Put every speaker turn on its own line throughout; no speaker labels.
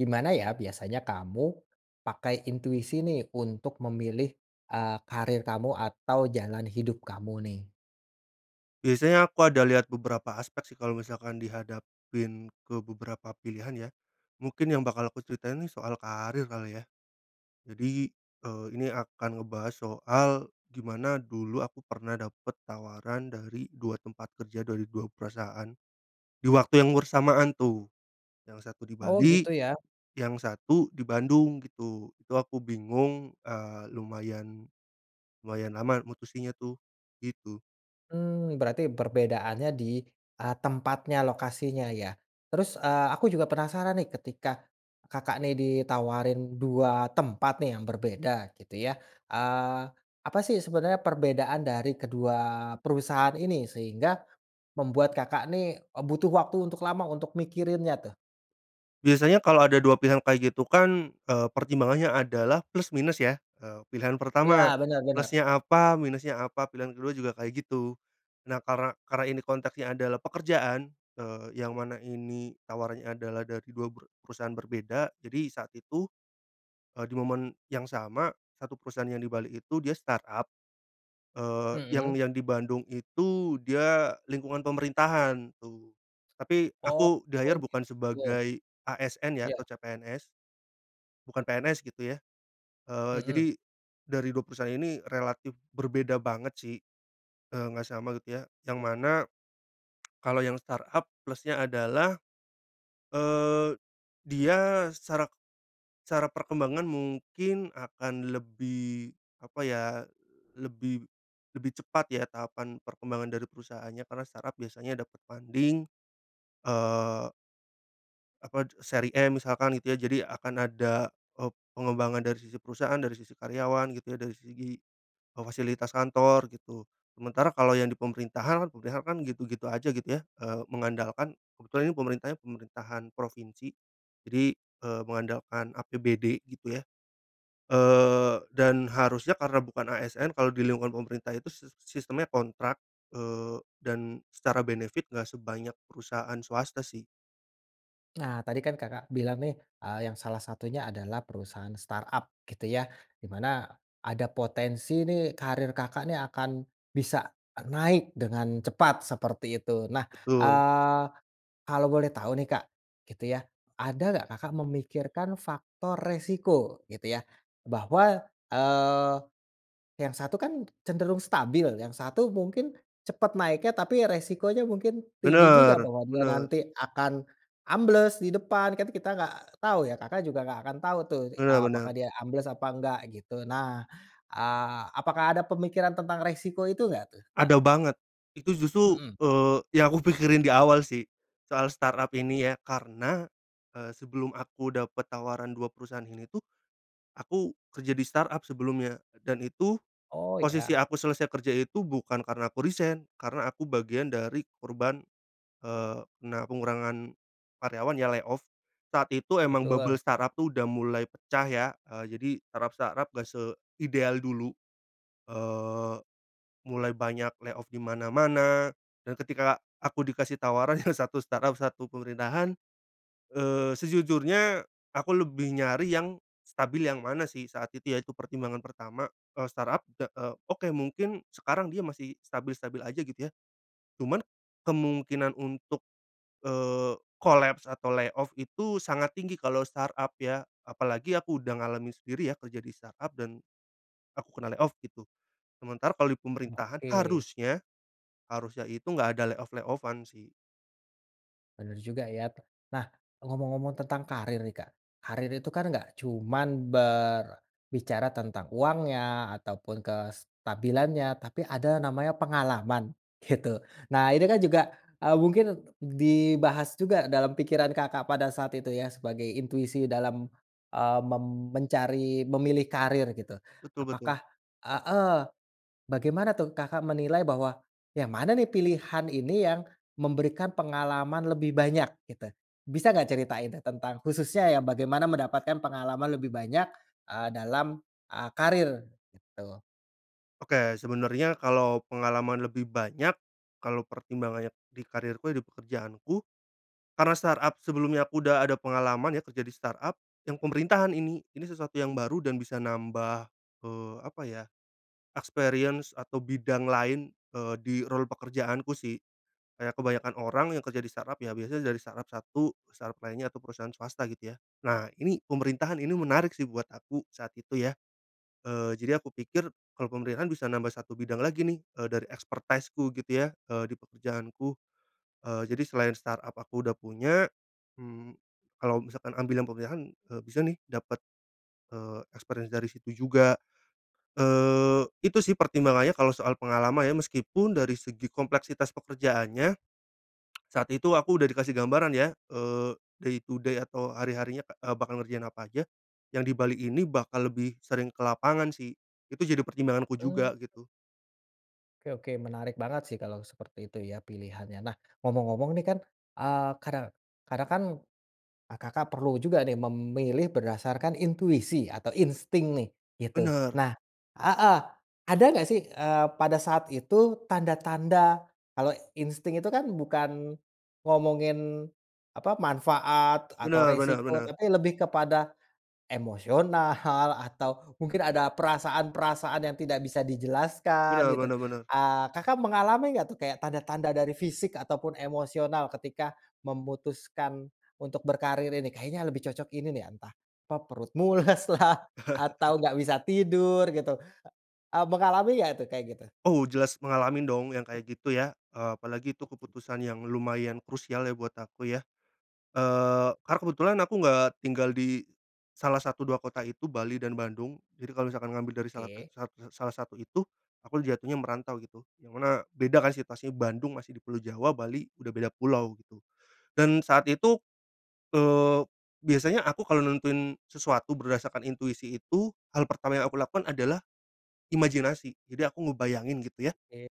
Gimana ya biasanya kamu pakai intuisi nih untuk memilih, eee, karier kamu atau jalan hidup kamu nih?
Biasanya aku ada lihat beberapa aspek sih kalau misalkan dihadapin ke beberapa pilihan ya, mungkin yang bakal aku ceritain soal karier kali ya. Jadi, eee, ini akan ngebahas soal gimana dulu aku pernah dapet tawaran dari 2 tempat kerja dari 2 perusahaan di waktu yang bersamaan tuh, yang satu di
Oh
Bali
gitu ya.
yang satu di Bandung gitu. Itu aku bingung, eee, lumayan, lumayan lama mutusinnya tuh, gitu.
Mmm, berarti perbedaannya di, eee, tempatnya, lokasinya ya. Terus, eee, aku juga penasaran nih ketika Kakak nih ditawarin 2 tempat nih yang berbeda gitu ya, eee, apa sih sebenarnya perbedaan dari kedua perusahaan ini sehingga membuat Kakak nih, eee, butuh waktu untuk lama untuk mikirinnya tuh?
Biasanya kalau ada 2 pilihan kayak gitu kan, eee, pertimbangannya adalah plus minus ya, eee, pilihan
Iya,
pertama,
benar benar.
plusnya apa minusnya apa pilihan ke-2 juga kayak gitu. Nah karena karena ini konteksnya adalah pekerjaan, eee, yang mana ini tawarannya adalah dari 2 peru perusahaan berbeda jadi saat itu, eee, di momen yang sama satu perusahaan yang di Bali itu dia startup, eee, yang
Mhm.
yang di Bandung itu dia lingkungan pemerintahan tuh. Tapi
Oh,
aku di hire bukan
gitu.
sebagai ASN ya atau
Ya.
CPNS. Bukan PNS gitu ya. Eee, jadi
Mhm.
dari 2 perusahaan ini relatif berbeda banget sih, eee, nggak sama gitu ya yang mana, kalau yang startup plusnya adalah, eee, dia secara secara perkembangan mungkin akan lebih apa ya, lebih lebih cepat ya tahapan perkembangan dari perusahaannya karena startup biasanya dapat funding eee apa seri M misalkan gitu ya jadi akan ada, eee, pengembangan dari sisi perusahaan dari sisi karyawan gitu ya dari segi, eee, fasilitas kantor gitu. Sementara kalau yang di pemerintahan, pemerintahan kan gitu-gitu aja gitu ya, eee, mengandalkan kebetulan ini pemerintahannya pemerintahan provinsi, jadi, eee, mengandalkan APBD gitu ya, eee, dan harusnya karena bukan ASN kalau di lingkungan pemerintah itu sis sistemnya kontrak, eee, dan secara benefit enggak sebanyak perusahaan swasta sih.
Nah tadi kan Kakak bilang nih, eee, yang salah satunya adalah perusahaan startup gitu ya di mana ada potensi nih karier Kakak nih akan bisa naik dengan cepat seperti itu. Nah,
Betul.
eee, kalau boleh tahu nih Kak gitu ya, ada nggak Kakak memikirkan faktor resiko? Gitu ya. Bahwa, eee, yang satu kan cenderung stabil, yang satu mungkin cepat naiknya tapi resikonya mungkin tinggi juga
Benar,
bahwa dia
benar.
nanti akan ambles di depan, kan kita gak tau ya, Kakak juga nggak akan tau tuh,
Benar
eee, apakah
benar.
dia ambles apa gak gitu. Nah, eee, apakah ada pemikiran tentang resiko itu gak tuh Kak?
Ada banget, itu justru,
Mhm.
eee, yang aku pikirin di awal sih soal startup ini ya karena, eee, sebelum aku dapat tawaran 2 perusahaan ini tuh, aku kerja di startup sebelumnya dan itu
Oh
posisi
iya.
aku selesai kerja itu bukan karena aku resign, karena aku bagian dari korban, eee, kena pengurangan karyawan ya layoff. Saat itu emang bubble
Betul.
startup tuh udah mulai pecah ya, eee, jadi startup-startup gak seideal dulu, eee, mulai banyak layoff di mana-mana, dan ketika aku dikasih tawaran yang satu startup satu pemerintahan, eee, sejujurnya aku lebih nyari yang stabil yang mana sih saat itu ya, itu pertimbangan pertama, eee, startup, eee, oke mungkin sekarang dia masih stabil-stabil aja gitu ya, cuman kemungkinan untuk, eee, kolaps atau layoff itu sangat tinggi kalau startup ya, apalagi aku udah ngalamin sendiri ya kerja di startup, dan aku kena layoff gitu. Sementara kalau di pemerintahan
Oke.
harusnya harusnya itu enggak ada layoff-layoff-an sih.
Bener juga ya. Nah ngomong-ngomong tentang karier nih Kak, karier itu kan nggak cuman berbicara tentang uangnya ataupun kestabilannya tapi ada namanya pengalaman gitu. Nah ini kan juga, eee, mungkin dibahas juga dalam pikiran Kakak pada saat itu ya sebagai intuisi dalam, eee, mem mencari memilih karier gitu.
Betul betul.
Apakah heeh, bagaimana tuh Kakak menilai bahwa yang mana nih pilihan ini yang memberikan pengalaman lebih banyak gitu? Bisa nggak ceritain tuh tentang khususnya yang bagaimana mendapatkan pengalaman lebih banyak, eee, dalam eee karier gitu?
Oke sebenarnya kalau pengalaman lebih banyak kalau pertimbangannya di karierku di pekerjaanku, karena startup sebelumnya aku udah ada pengalaman ya kerja di startup, yang pemerintahan ini ini sesuatu yang baru dan bisa nambah, eee, apa ya experience atau bidang lain, eee, di role pekerjaanku sih. Kayak kebanyakan orang yang kerja di startup ya biasanya dari startup satu ke startup lainnya atau perusahaan swasta gitu ya. Nah ini pemerintahan ini menarik sih buat aku saat itu ya, eee, jadi aku pikir kalau pemerintahan bisa nambah satu bidang lagi nih, eee, dari expertise-ku gitu ya, eee, di pekerjaanku. Eee, jadi selain startup aku udah punya, mmm, kalau misalkan ambil yang pemerintahan, eee, bisa nih dapat, eee, experience dari situ juga. Eee, itu sih pertimbangannya kalau soal pengalaman ya meskipun dari segi kompleksitas pekerjaannya saat itu aku udah dikasih gambaran ya, eee, day to day atau hari-harinya, eee, bakal ngerjain apa aja. Yang di Bali ini bakal lebih sering ke lapangan sih, itu jadi pertimbanganku
Mmm.
juga gitu.
Oke oke menarik banget sih kalau seperti itu ya pilihannya. Nah ngomong-ngomong nih kan, eee, kare karena kan, eee, Kakak perlu juga nih memilih berdasarkan intuisi atau insting nih gitu.
Benar.
Nah heeh, ada gak sih, eee, pada saat itu tanda-tanda kalau insting itu kan bukan ngomongin apa, manfaat atau
Benar benar
resiko,
benar.
tapi lebih kepada emosional atau mungkin ada perasaan-perasaan yang tidak bisa dijelaskan
Benar
gitu.
benar benar.
Eee, Kakak mengalami nggak tuh kayak tanda-tanda dari fisik ataupun emosional ketika memutuskan untuk berkarier ini. Kayaknya lebih cocok ini nih entah kok perut mules lah atau enggak bisa tidur gitu. Eee, mengalami nggak tuh kayak gitu?
Oh jelas mengalamin dong yang kayak gitu ya, eee, apalagi itu
Oke.
keputusan yang lumayan krusial ya buat aku ya. Eee, karena kebetulan aku nggak tinggal di salah satu, 2 kota itu Bali dan Bandung. Jadi kalau misalkan ngambil dari salah sat
Oke.
sat sa salah satu itu aku jatuhnya merantau gitu, yang mana beda kan situasinya Bandung masih di Pulau Jawa, Bali udah beda pulau gitu dan saat itu, eee, biasanya aku kalau nentuin sesuatu berdasarkan intuisi itu hal pertama yang aku lakukan adalah imajinasi. Jadi aku ngebayangin gitu ya.
Oke.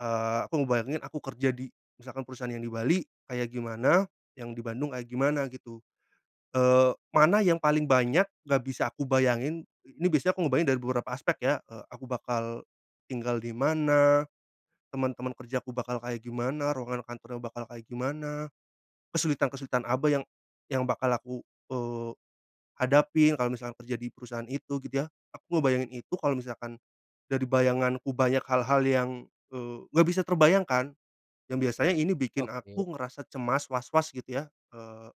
Eee, aku ngebayangin aku kerja di misalkan perusahaan yang di Bali kayak gimana, yang di Bandung kayak gimana gitu. Eee, mana yang paling banyak nggak bisa aku bayangin, ini biasanya aku ngebayangin dari beberapa aspek ya, eee, aku bakal tinggal di mana, teman-teman kerjaku bakal kayak gimana, ruangan kantornya bakal kayak gimana, kesulitan-kesulitan apa yang yang bakal aku, eee, hadapi kalau misalkan kerja di perusahaan itu? Gitu ya. Aku ngebayangin itu kalau misalkan dari bayanganku banyak hal-hal yang, eee, nggak bisa terbayangkan, yang biasanya ini bikin
Oke.
aku ngerasa cemas, was-was gitu ya, eee,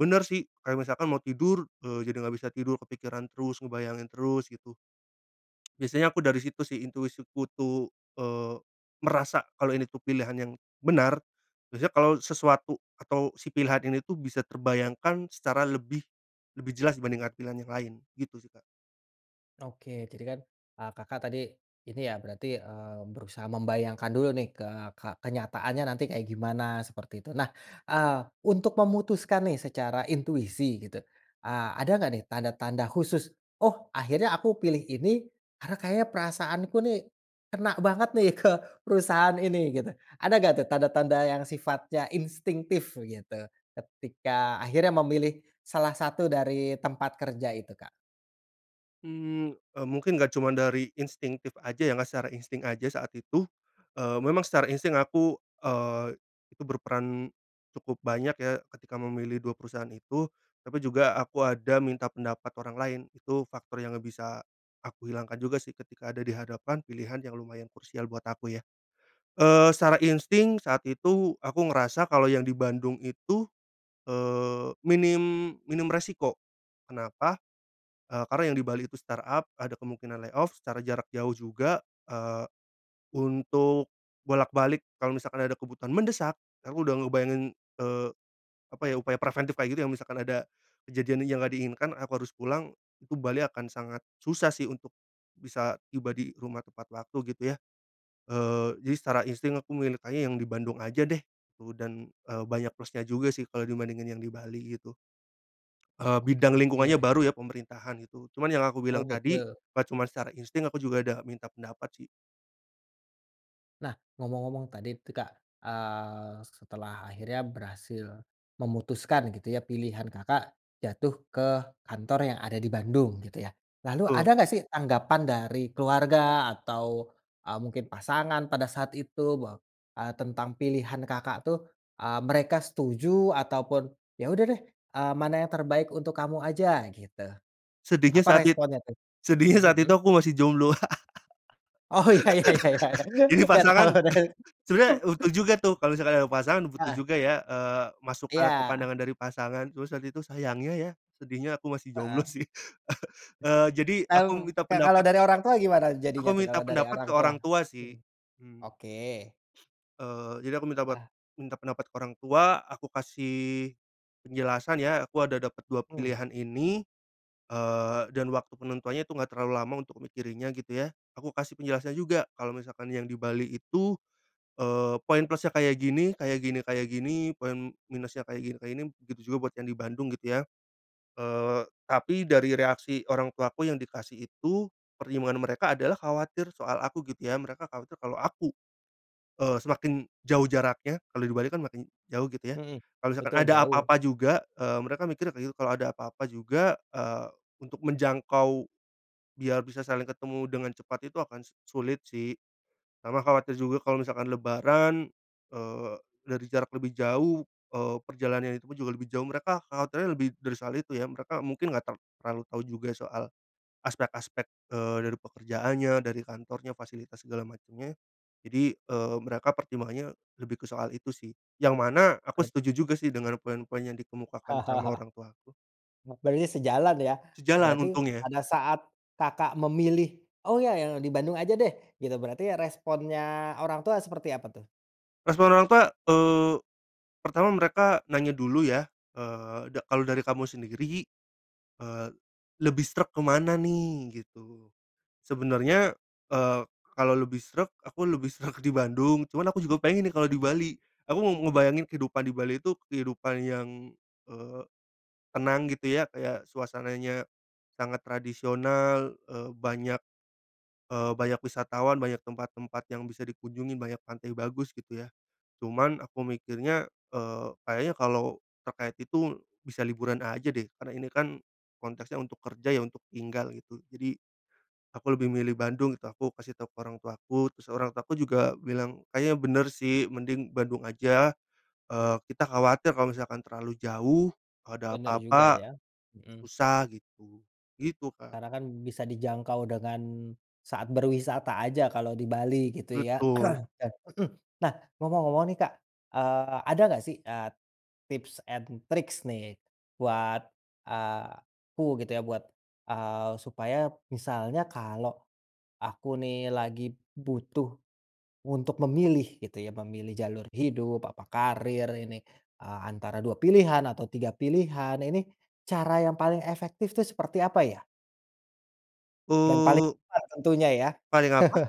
bener sih kalau misalkan mau tidur, eee, jadi nggak bisa tidur kepikiran terus ngebayangin terus gitu. Biasanya aku dari situ sih intuisiku tuh, eee, merasa kalau ini tuh pilihan yang benar, biasanya kalau sesuatu atau si pilihan ini tuh bisa terbayangkan secara lebih lebih jelas dibandingkan pilihan yang lain, gitu sih Kak.
Oke jadi kan, eee, Kakak tadi ini ya berarti, eee, berusaha membayangkan dulu nih ke ke kenyataannya nanti kayak gimana seperti itu. Nah, eee, untuk memutuskan nih secara intuisi gitu, eee, ada nggak nih tanda-tanda khusus? "Oh akhirnya aku pilih ini karena kayaknya perasaanku nih kena banget nih ke perusahaan ini," gitu. Ada nggak tuh tanda-tanda yang sifatnya instingtif begitu ketika akhirnya memilih salah satu dari tempat kerja itu Kak?
Mmm, eee, mungkin nggak cuman dari instingtif aja ya nggak secara insting aja saat itu, eee, memang secara insting aku, eee, itu berperan cukup banyak ya ketika memilih 2 perusahaan itu. Tapi juga aku ada minta pendapat orang lain, itu faktor yang nggak bisa aku hilangkan juga sih ketika ada di hadapan pilihan yang lumayan krusial buat aku ya. Eee, secara insting saat itu aku ngerasa kalau yang di Bandung itu, eee, minim minim resiko. Kenapa, eee, karena yang di Bali itu startup, ada kemungkinan layoff, secara jarak jauh juga, eee, untuk bolak-balik kalau misalkan ada kebutuhan mendesak, aku udah ngebayangin, eee, apa ya upaya preventif kayak gitu, yang misalkan ada kejadian yang nggak diinginkan aku harus pulang, itu Bali akan sangat susah sih untuk bisa tiba di rumah tepat waktu gitu ya. Eee, jadi secara insting aku mintanya yang di Bandung aja deh, eee, dan, eee, banyak plusnya juga sih kalau dibandingin yang di Bali gitu. Eee,
Oke
bidang lingkungannya
oke.
baru ya pemerintahan gitu cuman yang aku
Oh
bilang tadi,
betul.
gak cuman secara insting aku juga ada minta pendapat sih.
Nah ngomong-ngomong tadi itu Kak, eee, setelah akhirnya berhasil memutuskan gitu ya pilihan Kakak jatuh ke kantor yang ada di Bandung gitu ya. Lalu ada
Betul.
nggak sih tanggapan dari keluarga atau, eee, mungkin pasangan pada saat itu bahwa, eee, tentang pilihan Kakak tuh, eee, mereka setuju ataupun, "Ya udah deh, eee, mana yang terbaik untuk kamu aja," gitu.
Sedihnya
Apa
saat it
responnya tuh?
sedihnya saat itu
Mhm.
aku masih jomblo.
Oh iya iya iya iya iya
Ini
nggak tahu
pasangan
kan.
sebenarnya butuh juga tuh kalau misalkan ada pasangan butuh
Heeh.
juga ya, eee, masukan atau
Iya.
pandangan dari pasangan, terus saat itu sayangnya ya, sedihnya aku masih jomblo
Heeh.
sih. Eee, jadi aku
Mmm,
minta
nah kalau
pendapat
dari orang tua gimana jadinya
aku
tuh kalau
minta
dari
pendapat
orang
ke
tua?
orang tua
Mhm,
sih. Mmm.
oke.
Eee, jadi aku minta bat
Ah.
minta pendapat ke orang tua, aku kasih penjelasan ya, aku ada dapat 2
Mmm.
pilihan ini, eee, dan waktu penentuannya itu enggak terlalu lama untuk mikirinnya gitu ya. Aku kasih penjelasannya juga kalau misalkan yang di Bali itu, eee, poin plusnya kayak gini kayak gini kayak gini, poin minusnya kayak gini kayak gini, begitu juga buat yang di Bandung gitu ya. Eee, tapi dari reaksi orang tuaku yang dikasih itu pertimbangan mereka adalah khawatir soal aku gitu ya, mereka khawatir kalau aku, eee, semakin jauh jaraknya kalau di Bali kan makin jauh gitu ya,
Mhm.
kalo misalkan
Betul
ada
jauh.
apa-apa juga, eee, mereka mikirnya kayak gitu kalau ada apa-apa juga, eee, untuk menjangkau biar bisa saling ketemu dengan cepat itu akan su sulit sih. Sama khawatir juga kalau misalkan lebaran, eee, dari jarak lebih jauh, eee, perjalanannya itu juga lebih jauh mereka khawatirnya lebih dari soal itu ya, mereka mungkin enggak ter terlalu tahu juga soal aspek-aspek, eee, dari pekerjaannya, dari kantornya, fasilitas segala macemnya. Jadi, eee, mereka pertimbangannya lebih ke soal itu sih. Yang mana aku
Oke.
setuju juga sih dengan poin-poin yang dikemukakan sama orang tuaku.
Oh berarti sejalan ya,
Sejalan
berarti
untungnya.
pada saat Kakak memilih, "Oh ya yang di Bandung aja deh," gitu, berarti responnya orang tua seperti apa tuh?
Respon orang tua, eee, pertama mereka nanya dulu, ya. Eee, da kalau dari kamu sendiri, eee, lebih sreg ke mana, nih, gitu? Sebenarnya eee, kalau lebih sreg, aku lebih sreg di Bandung. Cuman aku juga pengen, nih, kalau di
Hmm.
Bali. Aku mau ngebayangin kehidupan di Bali itu kehidupan yang eee, tenang, gitu, ya, kayak suasananya sangat tradisional, eee, banyak, eee, banyak wisatawan, banyak tempat-tempat yang bisa dikunjungi, banyak pantai bagus, gitu, ya, cuman aku mikirnya eee, kayaknya kalau terkait itu bisa liburan aja, deh, karena ini kan konteksnya untuk kerja, ya, untuk tinggal, gitu, jadi aku lebih milih Bandung, gitu aku kasih tahu ke orang tuaku, terus orang tuaku juga bilang, "Kayaknya bener, sih, mending Bandung aja. Eee, kita khawatir kalau misalkan terlalu jauh ada
Bener juga
apa-apa
ya. Hmm.
susah," gitu. Gitu, Kak.
Karena kan bisa dijangkau dengan saat berwisata aja kalo di Bali, gitu, ya.
Betul.
Hmm, nah ngomong-ngomong, nih, Kak, eee, ada enggak, ah, sih tips and tricks, nih, buat, eee, aku, gitu ya, buat, eee, supaya misalnya kalau aku, nih, lagi butuh untuk memilih, gitu, ya, memilih jalur hidup, apa karir ini eee, antara dua pilihan atau tiga pilihan, ini cara yang paling efektif tuh seperti apa, ya? Dan paling
U
aman tentunya ya.
paling apa?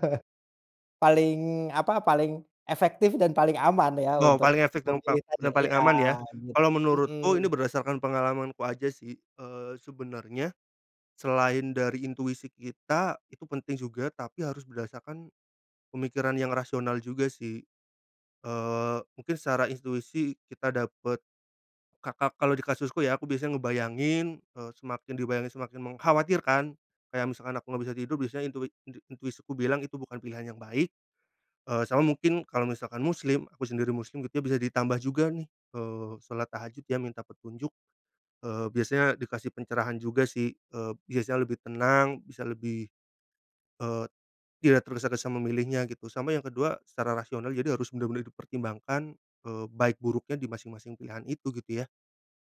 Paling apa, paling efektif dan paling aman ya
Oh,
untuk
paling efek dan pa
memilih tadi.
paling
Iya
aman ya. Kalau
bet
menurutku
mhm.
ini berdasarkan pengalamanku aja sih, eee, sebenarnya selain dari intuisi kita itu penting juga tapi harus berdasarkan pemikiran yang rasional juga sih. Eee, mungkin secara intuisi kita dapat ka ka kalau di kasusku ya aku biasanya ngebayangin, eee, semakin dibayangin semakin mengkhawatirkan. Kayak misalkan aku enggak bisa tidur, biasanya intui inti intuisiku bilang itu bukan pilihan yang baik. Eee, sama mungkin kalau misalkan muslim- aku sendiri muslim gitu ya- bisa ditambah juga nih, eee, solat tahajud ya, minta petunjuk. Eee, biasanya dikasih pencerahan juga sih, eee, biasanya lebih tenang, bisa lebih eee, tidak tergesa-gesa memilihnya gitu, sama yang kedua secara rasional jadi harus benar-benar dipertimbangkan, eee, baik buruknya di masing-masing pilihan itu, gitu ya.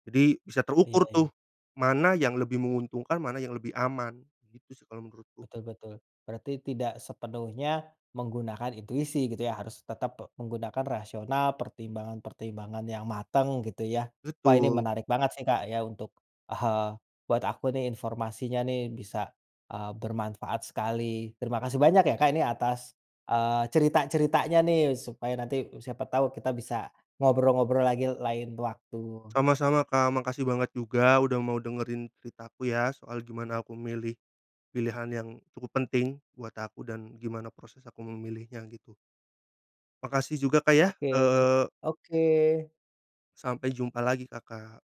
Jadi bisa
Iya,
terukur
iya.
tuh, mana yang lebih menguntungkan, mana yang lebih aman, gitu sih kalau menurutku.
Betul, betul. Berarti tidak sepenuhnya menggunakan intuisi gitu ya, harus tetap pe menggunakan rasional, pertimbangan-pertimbangan yang matang gitu, ya. Wah, ini
Betul.
menarik banget sih Kak ya untuk, eee, buat aku nih informasinya nih bisa, eee, bermanfaat sekali. Terima kasih banyak ya Kak, ini atas, eee, cerita-ceritanya nih, supaya nanti siapa tahu kita bisa ngobrol-ngobrol lagi lain waktu.
Sama-sama Kak. Makasih banget juga udah mau dengerin cerita aku ya, soal gimana aku milih pilihan yang cukup penting buat aku dan gimana proses aku memilihnya gitu. Makasih juga Kak, ya.
Oke,
Eee
oke!
Sampai jumpa lagi Kakak.